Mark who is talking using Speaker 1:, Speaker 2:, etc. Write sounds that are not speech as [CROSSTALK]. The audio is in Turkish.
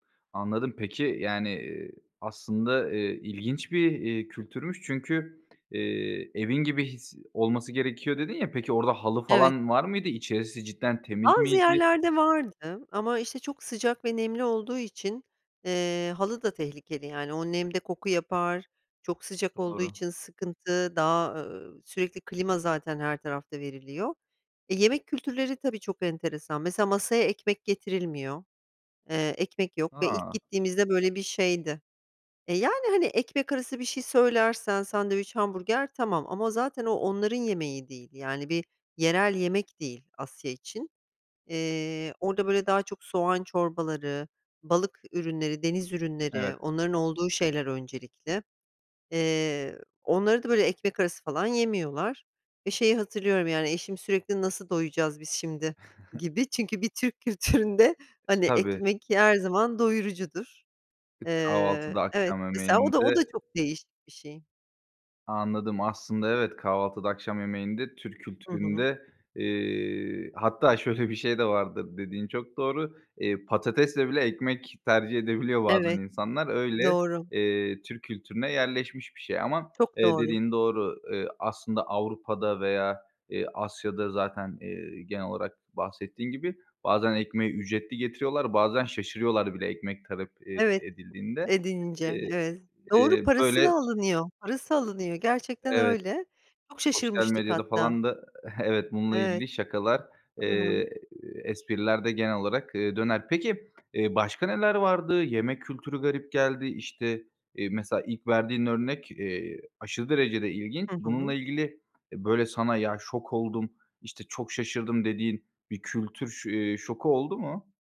Speaker 1: Anladım, peki yani, ııı, aslında, ııı, ilginç bir, ııı, kültürmüş çünkü, ııı, evin gibi his, olması gerekiyor dedin ya. Peki, orada halı
Speaker 2: Evet.
Speaker 1: falan var mıydı? İçerisi cidden temiz
Speaker 2: Az
Speaker 1: miydi?
Speaker 2: yerlerde vardı, ama, işte, çok sıcak ve nemli olduğu için, ııı, halı da tehlikeli yani, o nemde koku yapar, çok sıcak olduğu
Speaker 1: Doğru.
Speaker 2: için sıkıntı, daha, ııı, sürekli, klima zaten her tarafta veriliyor. E, yemek kültürleri, tabii çok enteresan. Mesela, masaya ekmek getirilmiyor. Eee, ekmek yok ve ilk
Speaker 1: A!
Speaker 2: gittiğimizde böyle bir şeydi E, yani, hani, ekmek arası bir şey söylersen, sandviç, hamburger tamam ama zaten o, onların yemeği değil. Yani bir yerel yemek değil, Asya için. Eee, orada böyle daha çok soğan çorbaları, balık ürünleri, deniz ürünleri,
Speaker 1: Evet.
Speaker 2: onların olduğu şeyler öncelikli. Eee, onları da böyle ekmek arası falan yemiyorlar ve şeyi hatırlıyorum yani, eşim sürekli "Nasıl doyacağız biz şimdi?"
Speaker 1: [GIGGLES]
Speaker 2: gibi çünkü bir Türk kültüründe, hani
Speaker 1: Tabii.
Speaker 2: ekmek, ki her zaman doyurucudur.
Speaker 1: E, kahvaltıda,
Speaker 2: Eee, evet
Speaker 1: akşam
Speaker 2: mesela o da, o da
Speaker 1: yemeğinde
Speaker 2: çok değişik bir şey.
Speaker 1: Anladım, aslında evet, kahvaltıda, akşam yemeğinde, Türk
Speaker 2: Hı hı.
Speaker 1: kültüründe, eee, hatta şöyle bir şey de vardır, dediğin çok doğru. Eee, patatesle bile, ekmek tercih edebiliyor bazen
Speaker 2: Evet,
Speaker 1: insanlar. Öyle,
Speaker 2: doğru.
Speaker 1: eee, Türk kültürüne yerleşmiş bir şey ama,
Speaker 2: Çok
Speaker 1: eee,
Speaker 2: doğru.
Speaker 1: dediğin doğru. Iıı, aslında Avrupa'da veya, eee, Asya'da zaten, ııı, genel olarak bahsettiğin gibi, bazen ekmeği ücretli getiriyorlar, bazen şaşırıyorlar bile ekmek talep ed
Speaker 2: Evet,
Speaker 1: edildiğinde.
Speaker 2: edince.
Speaker 1: Eee,
Speaker 2: Evet, doğru,
Speaker 1: eee,
Speaker 2: parası
Speaker 1: böyle
Speaker 2: da alınıyor, parası alınıyor, gerçekten
Speaker 1: Evet,
Speaker 2: öyle. Çok
Speaker 1: sosyal
Speaker 2: şaşırmıştık
Speaker 1: medyada
Speaker 2: hatta.
Speaker 1: falan da Evet bununla
Speaker 2: Evet.
Speaker 1: ilgili şakalar,
Speaker 2: Hı hı.
Speaker 1: eee, espriler de genel olarak, ııı, döner. Peki, eee, başka neler vardı? Yemek kültürü garip geldi. İşte, iii, mesela ilk verdiğin örnek, iii, aşırı derecede ilginç.
Speaker 2: Hı hı.
Speaker 1: Bununla ilgili, eee, böyle sana "Ya şok oldum, işte, çok şaşırdım." dediğin bir kültür ş iii, şoku oldu mu?